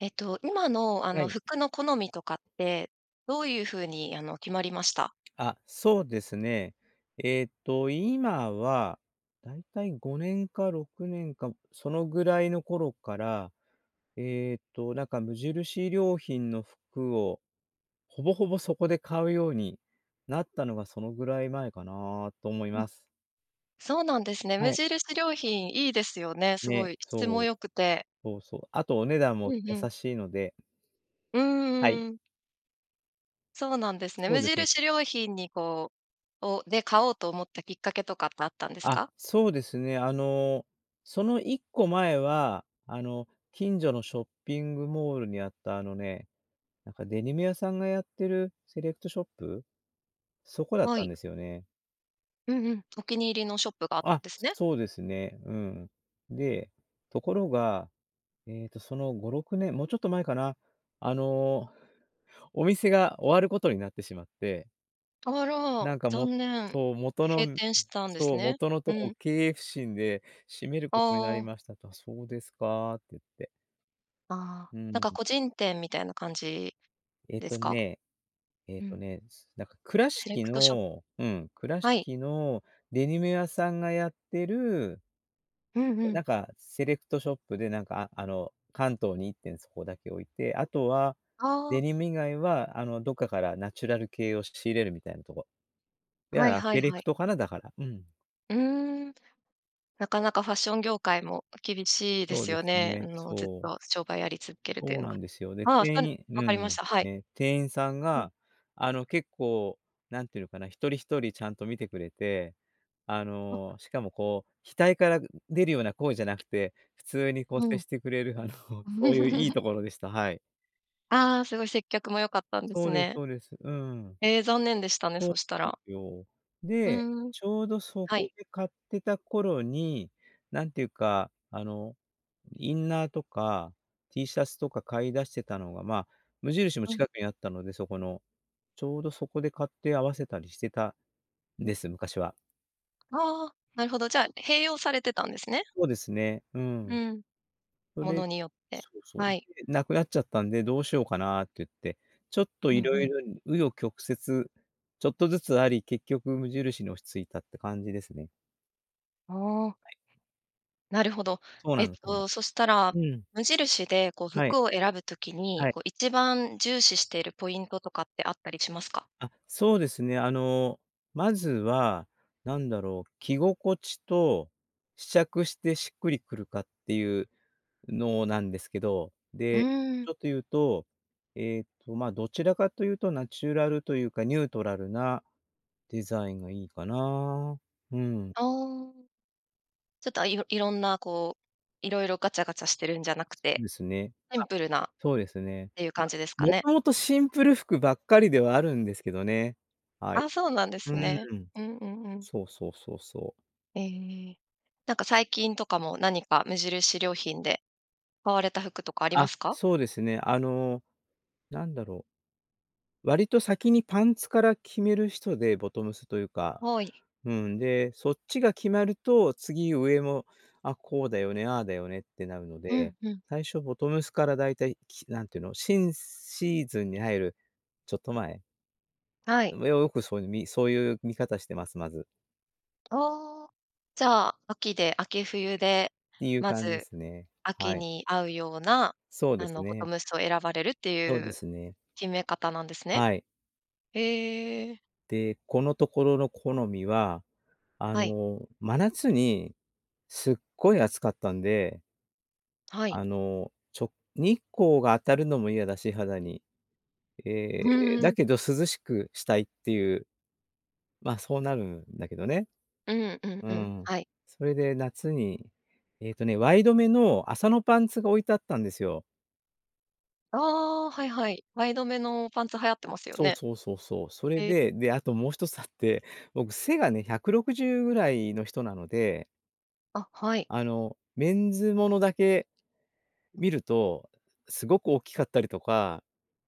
えっと、今の、あはのい。服の好みとかって、どう言う風に、あの決まりました？あ、そうですね。えっと、今は、大体5年か6年か、そのぐらいの頃から、えっと、なんか無印良品の服を、ほぼほぼ、そこで買うようになったのがそのぐらい前かな、と思いま、ます。そうなんですね。無はい。印良品いいですよね。すごね、い質そもう、良くて。そうそう、あとお値段うもん、うん。優しいのでうんうはい。んうん。そうなんですね。そ無うですね。印良品に、こう、をで、買おうと思ったきっかけとかってあったんですあ、か？そうですね。あの、その一個前は、あの、近所のショッピングモールにあった、あのね、なんかデニム屋さんがやってるセレクトショップ、そこだっはたい。んですよね。うんうん、お気に入りのショップがあったんあ、ですね。そうですね、うん。で、ところが、えっと、その5、6年、もうちょっと前かな。あの、お店が終わる事になってしまってあら、なんか、も残念、そう、元閉の店したんですそう、ね。元のとうこん。経営不振で閉めるあ事になりあ。ましたと、そうですかって、言って。ああ、うなんーかん。個人店みたいな感じえっでとすか？ね、えっうとん。ね、つなんか倉セレ敷クトショのうん、倉はい。敷のデニム屋さんがやってるうんうなん。んか、セレクトショップで、なんか、ああの関東に1店そこだけ置いて、あとは、あデあ。ニム以外は、あの、どっかからナチュラル系を仕入れるみたいなとこ。だはかいらはいセレはクい。トかな、だから。うん。うーん、なかなかファッション業界も厳しいでそうすでよすね。んね、の、ずっそう。と商売やり続けるといそううのなが、んですよ。で、ああ、そ店う、員分うかりましん、た。はい。ね、店員さんうん。が、あの、結構、何て言うのかな。1人1人ちゃんと見てくれて、ああ。の、しかも、こう額から出るような声じゃなくて、普通にこうう接ん。してくれる、あの、そう言う良いところでした、はい。ああ、凄い接客も良かったんですそうですね。そうです、うん。ええ、残念でしたね、そうそしたでら。すよ。うで、ん。ちょうど、そはこい。で買ってた頃に、なんて言うか、あの、インナーとかティーシャツとか買いだしてたのが、まあ、無印も近くにあったので、そこの。ちょうど、そこで買って合わせたりしてたんです、昔は。ああ、なるほど。じゃあ、併用されてたんですね。そうですね、うん。うん。そもれのによって、そうそう、はい。で、「無くなっちゃったんで、どうしようかな」っていって、ちょっとうん色う々ん。紆余曲折、ちょっとずつあり、結局無印に落ち着いたって感じですね。ああ。はい。なるほど。そうえなっんそうな。と、そしたら、うん。無印でこう、はい。服を選ぶ時に、はい。こう、一番重視しているポイントとかってあったりしますか？あ、そうですね、あのまずは、なんだろう、着心地と、試着してしっくりくるかっていうのなんですけど、うで、ーん。ちょっと言うと、えっと、まあどちらかというと、ナチュラルというか、ニュートラルな、デザインがいいかな。うーん。ああ。ちょっといろ色んなこう、色々ガチャガチャしてるんじゃなくそうて、ですね。シあっ、ンプルなっそうですね。ていう感まあ、じですか元ね。々シンプル服ばっかりではあるんですけどね。はい。あ、そうなんでうすね。ーん。うんうんうん。そうそうそうそう。ええええ、なんか最近とかも何か無印良品で買われた服とかありまあ、すか？そうですね。あの、なんだろう。割と先にパンツから決める人で、ボトムスというか、はい。うん、で、そっちが決まると、次、上も、あ、こうだよね、ああだよねってなるのうんで、うん。最初ボトムスから大体、き、なんていうの、新シーズンに入るちょっと前。はい。う、あよくそういう、みそういう見方してます、まず。ああ、じゃあ、秋で、秋冬で、っていうま感じでずすね。は秋い。に合うような、そうであすのボトね。ムスを選ばれるっていそうでうすね。決め方なんですね？はい。ええ。で、このところの好みは、あはい。の、真夏にすっごい暑かったんで。はい。あの、ちょ日光が当たるのも嫌だし、肌に。えうえ、ーだん。けど涼しくしたいっていう、まあ、そうなるんだけどね。うんうんううん、ん、はい。それで夏に、えっとね、ワイドめの麻のパンツが置いてあったんですよ。ああ、はいはい。前止めのパンツ流行ってますよそうね。そうそうそう。それええ。で、で、あともう一つあって、僕、背がね160ぐらいの人なので。あ、はい。あのメンズものだけ見ると、すごく大きかったりとか、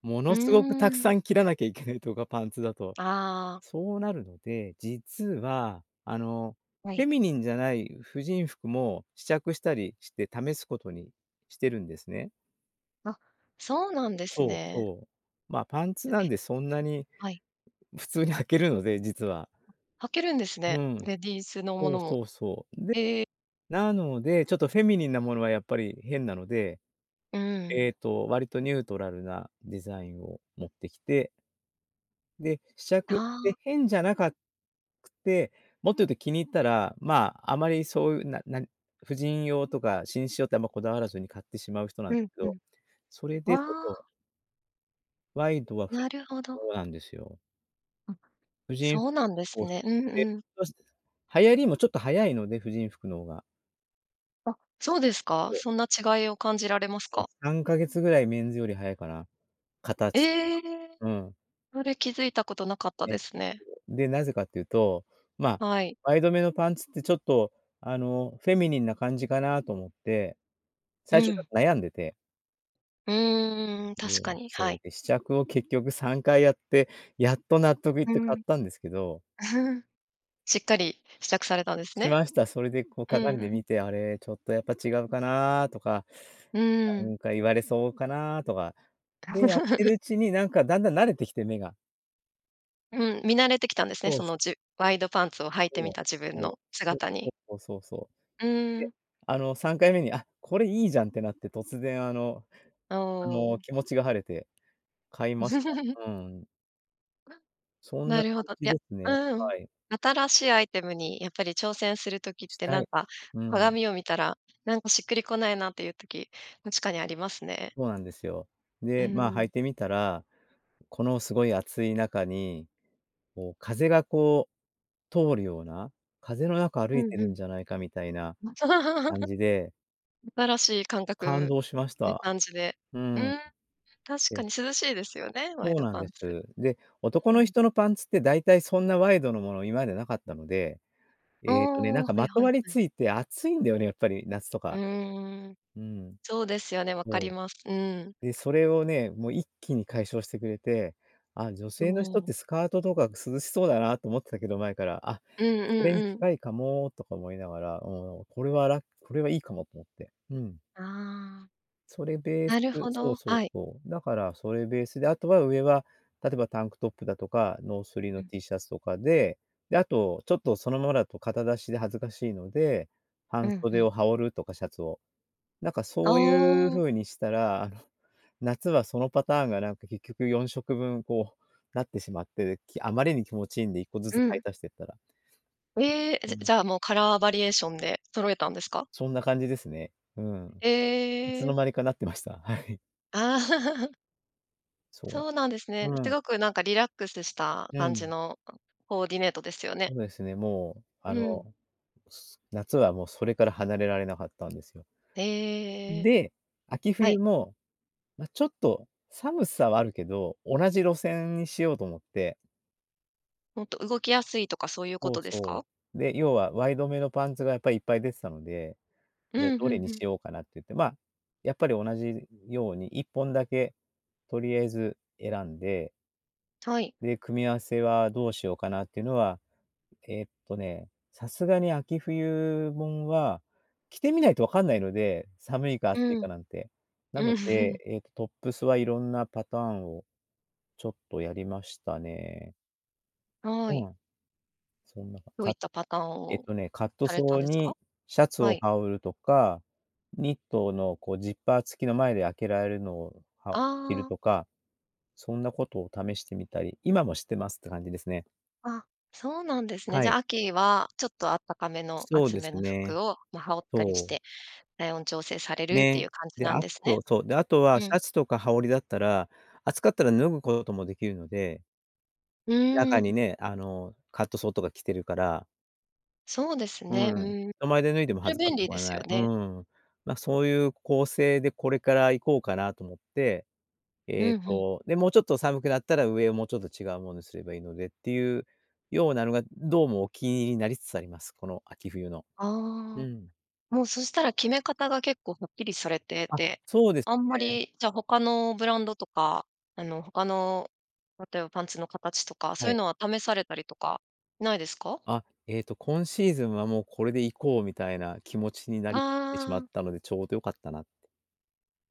もうのーすごくたくさん。ん切らなきゃいけないとか、パンツだと。ああ。そうなるので、実はあの、はフェい。ミニンじゃない婦人服も試着したりして、試すことにしてるんですね。あ、そうなんですそうね。そう。まあパンツう、なんえ、で、そんなにはい。普通に履けるので、実は。あ、履けるんですうね、ん。レディースのもそのうも。そうそう。で、ええ。なので、ちょっとフェミニンなものはやっぱり変なので。うん。ええと割とニュートラルなデザインを持ってきて。で、試着っあてあ。変じゃなかくて、もっと言うと気に入ったら、まあ、あまりそうなな、婦人用とか紳士用ってあんまこだわらずに買ってしまう人なんうでんすけうど、ん。それでそあとあ。ワイドはふ なるほそど。うなんですよ。うん、婦人服そうなんですをね。うんうん。流行りもちょっと早いので、婦人服の方が。あ、そうですか？そう。そんな違いを感じられますもうか？3か月ぐらいメンズより早いかな、形とええ！か。うん。それ気づいたことなかったえっですね。と、で、なぜかっていうと、まあはい。前止めのパンツって、ちょっとあの、フェミニンな感じかなと思って、う最初ちょん。っと悩んでて。うーん、確かで、に、はそう、い。で、試着を結局3回やって、やっと納得いっうて買っん。たんですけど。しっかり試着されたんですしね。ました。それでこう、うん鏡うでん。見て、あれ、ちょっとやっぱ違うかなとか、うーなん。んか言われそうかなとか、多で、分やって るうちになんか、だんだん慣れてきて、目が。うん、見慣れてきたんですね。そそうのそじ...ワイドパンツを履いてそみう、た自分のそう、姿そう、そに。う、そうそうそうう。ーで、ん。あの3回目に、「あ、これいいじゃん」ってなって突然、あのおおあの、お気持ちが晴れて、買いました。うーん。うわ、そんななるほ感ど、いじや、ですね、うん、はい。新しいアイテムにやっぱり挑戦する時っしてたなんい。か、うん。鏡を見たらなんか、しっくりこないなっていう時、確かにありますね。そうなんですよ。うーで、まあ、履ん。いてみたら、このすごい暑い中に、こう風が、こう通るような、風の中う歩いてんうるんん。じゃないかみたいなま感 じで新しい感感覚動しましってた。感じで。ううん、ーん。確えかえ。に涼しいですよね、ワイそうドなんパでンツ。す。で、男うーのん。人のパンツって大体そんなワイドのもの今までなかったので、あええとね、なあ、んはかいまとはわい、りはい。ついて暑いんだよね、やっぱり、夏とうか。ーん、うんうん。そうですよね、わかそります。うーん。う。で、それをね、もう一気に解消してくれて、あ、女ど性の人ってう。スカートとか涼しそうだなと思ってたけど、前から、あ、うんうそれにんうん。近いかもとか思いながら、もうこれはらこれはいいかもと思って。うん。ああ。それベースなるほそうど、そうはい。そう。だからそれベースで、あとは上は、例えばタンクトップだとか、ノースリうのん。T シャツとかで、で、あと、ちょっとそのままだと肩出しで恥ずかしいので、う半ん、ふ袖ん。を羽織るとかシャツを。なんかあそういうあ。風にしたら、あの、夏はそのパターンがなんか結局4色分こう、なってしまって、で、きあまりに気持ちいいんで一個ずうつ買ん。い足してったら。うええ！ほじもじう。ゃあもう、カラーバリエーションで揃えたんですか？そんな感じですね。うん。えいつええのえ。間にかなってました、はい。あ。そうだ。そうなんですね。うすん。ごくなんか、リラックスしたう感ん。じのココーディネートですよね。そうですね、もうあうの、ん。す夏はもう、それから離れられなかったんですよ。へえ、で、秋はい。冬も、まあちょっと、寒さはあるけど、同じ路線にしようと思って。もっと動きやすいとか、そういうこそうとですか？そう。で、要はワイドめのパンツがやっぱりいっぱい出てたので。うで、んどうれにんうしん。ようかなって言って、まあ、やっぱり同じように一本だけ、とりあえず選んではい。で、組み合わせはどうしようかなっていうのは、えっとね、さすがに秋冬もんは、着てみないと分かんないので、寒いか暑いうん。かなんて。なのうん。で、えっ、トップスはいろんなパターンを、ちょっとやりましたね。はい。うん。そんな、どういかったパターンえっをとね、カットされたソんーですか？にシャツはをい。羽織るとか、ニットのこうジッパー付きの前で開けられるのを、はお着あるあ。とか、そんなことを試してみたり、今もしてますって感じですね。あ、そうなんですね。はじゃい。あ、秋はちょっとあったかめのそう厚でめすのね。服をまあ、羽織ったりしそう。て、体温調整されるっていね、う感じで、なんあですね？と、そう、であとうはシん。ャツとか羽織りだったら、暑かったら脱ぐこともできるので。う中にん。ね、あの、カットソーとか着てるから。そうですうね。うん、ーん、人前で脱いでもそれ恥ずか便し利くではすよない。うね。ん。まあ、そういう構成でこれから行こうかなと思って、えうっん、ふん。と、で、もうちょっと寒くなったら、上をもうちょっと違うものにすればいいのでっていうようなのが、どうもお気に入りになりつつあります、この秋冬の。うああ、ん。もうそしたら決め方が結構はっきりされてあ、て、そうですあんまね。り、じゃあ、他のブランドとか、あの、他の、例えばパンツの形とか、そうはいうい。のは試されたりとかないですか？あ、えっと、今シーズンはもうこれで行こうみたいな気持ちになりってしまあっあ。たので、ちょうど良かったなって。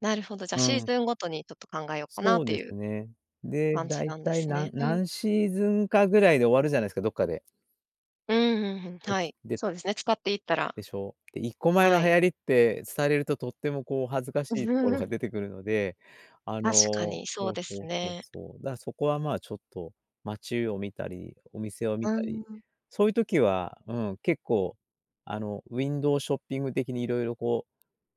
なるほど、じゃあ、うシーん。ズンごとにちょっと考えようかなそっうてでいすうね。で、感じ大なんで体すなね。んうん。何シーズンかぐらいで終わるじゃないすか、どっかで。うんうんうん、こはつ、い、でそうですね、使っていったら。でしょ。で1個前はのい。流行りってすたれると、とってもこう恥ずかしいところが 出てくるので、あ確かの、にそうそうですそうそうね。そう。だからそこはまあ、ちょっと、街を見たり、お店を見うたり、ん。そういう時は、うん、結構、あのウィンドウショッピング的に色々こ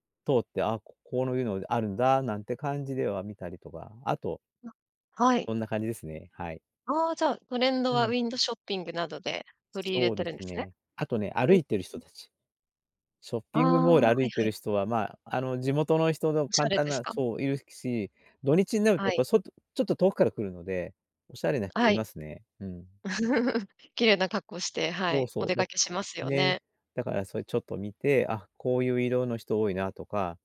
う、通って、ああ、ここういうのあるんだ、なんて感じでは見たりとか、あとあ、はい。こんな感じですね、はい。ああ、じゃあ、トレンドうはウん。ィンドショッピングなどでとり入れそうてでるんですすね？ね。あとね、歩いてる人たち、ショッあピングモーあ、はル歩いいてはい。る人は、まあ、あの、地元の人のおしゃ簡れ単ですな、か？そう、いるし、土日になるはとやっい。ぱ外ちょっと遠くから来るので、おしゃれなは人いい。ますね、うん。綺麗な格好して、はそうい、おそ出う、だ、かけしますよね、ね。だからそれちょっと見て、あ、こういう色の人多いなとか、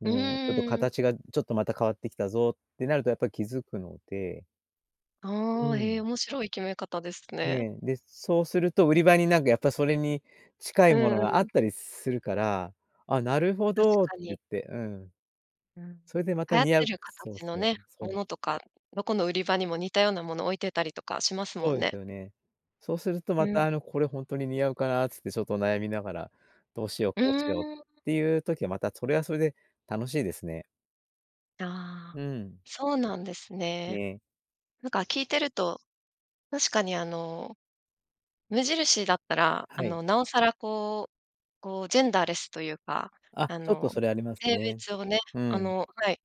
うん、ちょっとうん。形が、ちょっとまた変わってきたぞってなると、やっぱり気づくのでうああ、へえ、ん。面白い決め方ですね。ね、で、そうすると売り場に、なんかやっぱそれに近ういものんうがあっん。たりするから、「ああ、なるほ確ど」ってか言に。って、うん。うん、それでまた流行っ似合てう、るそう形のそうね、そもう。のとか、どこの売り場にも似たようなものを置いてたりとかしますもそうんでね。すよね。そうすると、うまたん。あの「これほんとに似合うかな」つってちょっと悩みながら、「どうしよう、うこうしよう」っん。ていう時は、またそれはそれで楽しいですね。あうあ、ん。そうなんですうね。ん。なんか聞いてると、確かにあの、無印だったら、あはい。の、なおさら、こう、こうジェンダーレスというか、あ、あちょっとの、それあります性ね。別をね、うあん。のはい、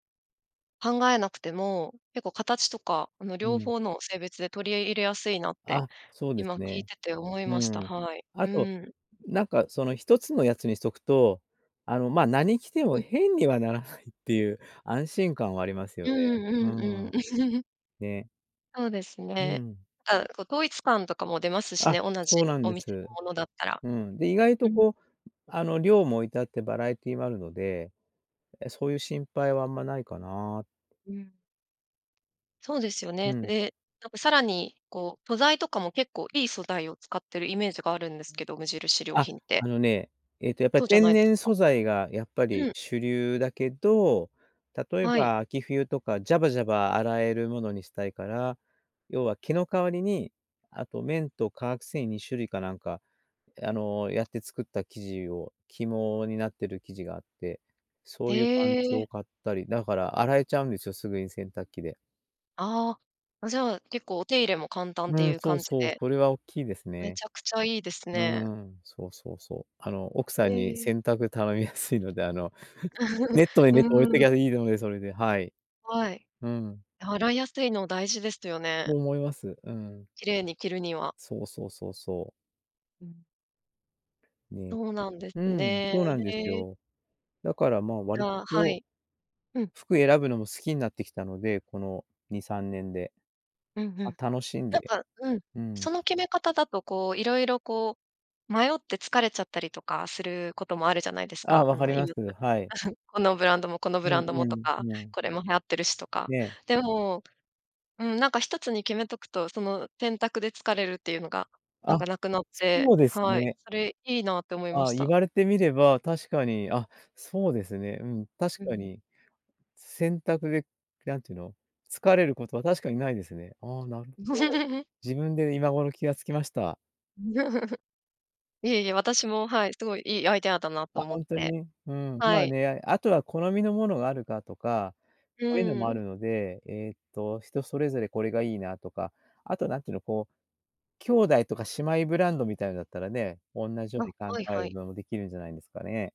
考えなくても、結構形とかあの、う両ん。方の性別で取りえ入れやすいなって、あ、そうです今聞いね。てて思いうました。ん。はい。あうと、ん。なんかその一つのやつにしとくと、あの、まあ、何着てうもん。変にはならないっていう安心感はありますうよーね。うん、んうんううん。ん。ね。そうですうんうね。ん。あ、こう統一感とかも出ますしあ、ね、同そうじなんおで店のす。ものだったら。うん。で、意外うとん。こう、うあの、量も置いてあってバラエティーもあるので、え、そういう心配はあんまないかな。うん。そうですよね。うん。で、なんかさらにこう、素材とかも結構いい素材を使ってるイメージがあるんですうけん、ど、無印良あ、品って。あのね、えっと、やっぱ、そうじゃ天ないです然か。素材がやっぱうりん。主流だけど、例えはい。ば秋冬とかジャバジャバ洗えるものにしたいから、要は毛の代わりに、あと綿と化学繊維2種類かなんか、え、あの、やって作った生地を、起毛になっ てる生地があって、そへういうパンツえ。を買ったり、だから洗えちゃうんですよ、すぐに洗濯機で。ああ、あ、じゃあ、結構お手入れも簡単ってういん、うそう感じそう、でそれは大きいですめね。ちゃくちゃいいですうね。ーん、そうそうそう。あの、奥さえんにえ。洗濯頼みやすいので、あの、ネットでうネット置いとーきゃん。いいので、それで、はい。はい、うん。洗いやすいの大事ですよね。と思います。うん。きれいに着るには。そうそうそうそう。うん。ね。そうなんですうん、ね。そうなんですへえ。よ。だからまあ割あ、はとい。うん。服選ぶのも好きになってきたので、この2、3年で。うんうま、ん。楽しんなんで。かうん、うん。その決め方だとこう色々こう迷って疲れちゃったりとかすることもあるじゃないですあ、か。分んかのります、はい。このブランドもこのブうラんンうドもとん、か、うん。これも流行ってるしとか。ね。でも、うん、なんか1つに決めとくと、その選択で疲れるっていうのがなんあ、かなくなっそて、うですはい、ね。それいいなって思いまああ、し言た。われてみれば確かに、あ、そうですね。うん、確うん、かね。に。選択で、何て言うの、疲れることは確かにないですね。ああ、なるほど。自分で今頃気がつきました。いえいえ、私も、はい、すごいいいアイデアだなとあ、思っほんとて。に、うん、はまあい。ね、あとは好みのものがあるかとか、うそういうのーもあん。るので、えっと人それぞれ「これがいいな」とか、あと何て言うの、こう、兄弟とか姉妹ブランドみたいのだったらね、おんなじよあ、うに考はいえはるい。のもできるんじゃないんですかね。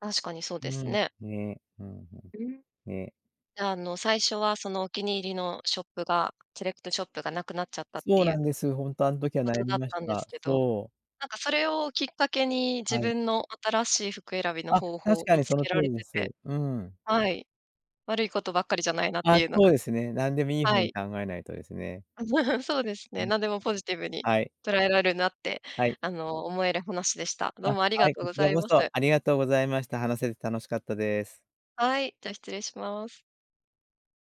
確かにそうでうすん、ね。ね、うん、ふん、うん。ね。あの、最初はそのお気に入りのショップが、セレクトショップがなくなっちゃったっそてういなうんです、ほんとあの時はこ悩とみだっましたんですた。けど、そう。なんかそれをきっかけに自はい。分の新しい服選びのあ、方確法か見につそのけ通られりでてす。てうん。はい。悪いことばっかりじゃないなっあてあ、いうのそが、ん。うですね、なんでもいいは方にい。考えないとですね。そうですうね、ん。ん。何でもポジティブにはい。捉えられるなってはい。あの思える話でした。どうあ、もありがはい、とうこごちざらいこます。そありがとうございました。話せて楽しかったです。はい、じゃ、失礼します。